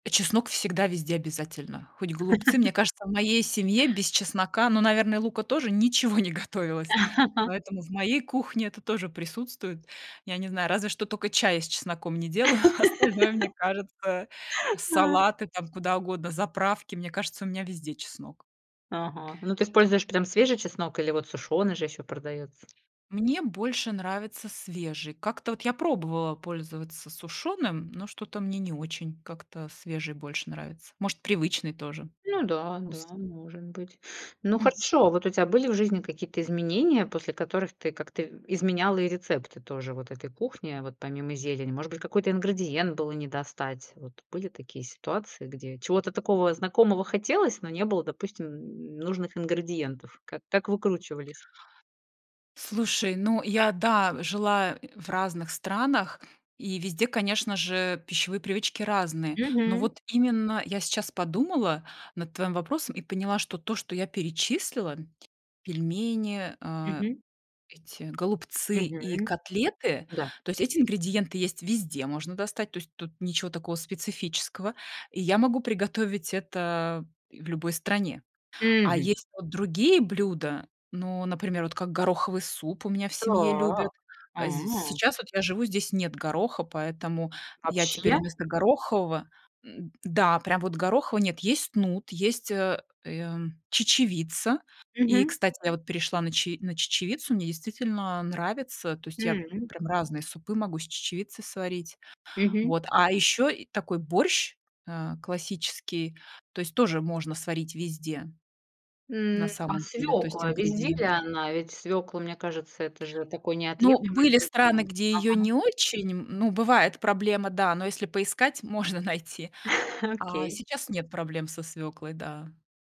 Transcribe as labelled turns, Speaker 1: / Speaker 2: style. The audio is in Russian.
Speaker 1: А чеснок всегда везде обязательно, хоть голубцы. Мне кажется, в моей семье без чеснока, ну, наверное, лука тоже ничего не готовилось, поэтому в моей кухне это тоже присутствует. Я не знаю, разве что тока чая с чесноком не делаю, остальное, мне кажется,
Speaker 2: А.
Speaker 1: салаты, там, куда угодно, заправки. Мне кажется, у меня везде чеснок.
Speaker 2: Ага. Ну, ты используешь прям свежий чеснок или вот сушёный же ещё продаётся?
Speaker 1: Мне больше нравится свежий. Как-то вот я пробовала пользоваться сушеным, но что-то мне не очень, как-то свежий больше нравится. Может, привычный тоже
Speaker 2: Ну да, да,
Speaker 1: ус
Speaker 2: может быть. Ну
Speaker 1: Мгм.
Speaker 2: хорошо, вот у тя были в жизни какие-то изменения, после которых ты как-то в изменяла и рецепты тоже вот этой кухни, а вот помимо зелени? Может быть, какой-то ингредиент было не достать? Вот были такие ситуации, где чего-то такого знакомого хотелось, но не было, допустим, нужных ингредиентов. Как как выкручивались?
Speaker 1: Слушай, ну я, да, жила, э, в разных странах и везде, конечно же, пищевые привычки разные. Но
Speaker 2: Мгм.
Speaker 1: вот именно я сейчас подумала над твоим вопросом и поняла, что то, что я перечислила: пельмени, а,
Speaker 2: Мгм.
Speaker 1: эти голубцы и
Speaker 2: Мгм,
Speaker 1: котлеты-
Speaker 2: да.
Speaker 1: то есть эти ингредиенты есть везде, можно достать, то есть тут ничего такого специфического, и я могу приготовить это и в любой стране. А
Speaker 2: Мгм.
Speaker 1: есть вот другие блюда. Ну, например, вот как гороховый суп у меня в семье любят.
Speaker 2: Так.
Speaker 1: А з
Speaker 2: А.
Speaker 1: сейчас вот я живу, здесь нет гороха, поэтому я теперь
Speaker 2: Вообще?
Speaker 1: вместо горохового м-да, прям вот гороха в нет, есть нут, есть, а, ия м чечевица. И,
Speaker 2: Мгм.
Speaker 1: кстати, я вот перешла на че на чечевицу, мне действительно нравится. То есть я
Speaker 2: М.
Speaker 1: прям разные супы могу с чечевицы сварить.
Speaker 2: Мгм.
Speaker 1: Вот, а ещё и такой борщ, а, классический, то есть тоже можно сварить везде на
Speaker 2: М, а
Speaker 1: самом деле, то есть
Speaker 2: свекла? Везде ли
Speaker 1: ингредиенты
Speaker 2: она? Ведь свекла, мне кажется, это же такой
Speaker 1: Ну,
Speaker 2: неотъемлемый
Speaker 1: были страны,
Speaker 2: ингредиент.
Speaker 1: где её
Speaker 2: Ага.
Speaker 1: не очень, м, ну, бывает проблема, да, но, если поискать, можно найти. А
Speaker 2: Окей.
Speaker 1: сейчас нет проблем со свёклой. Да.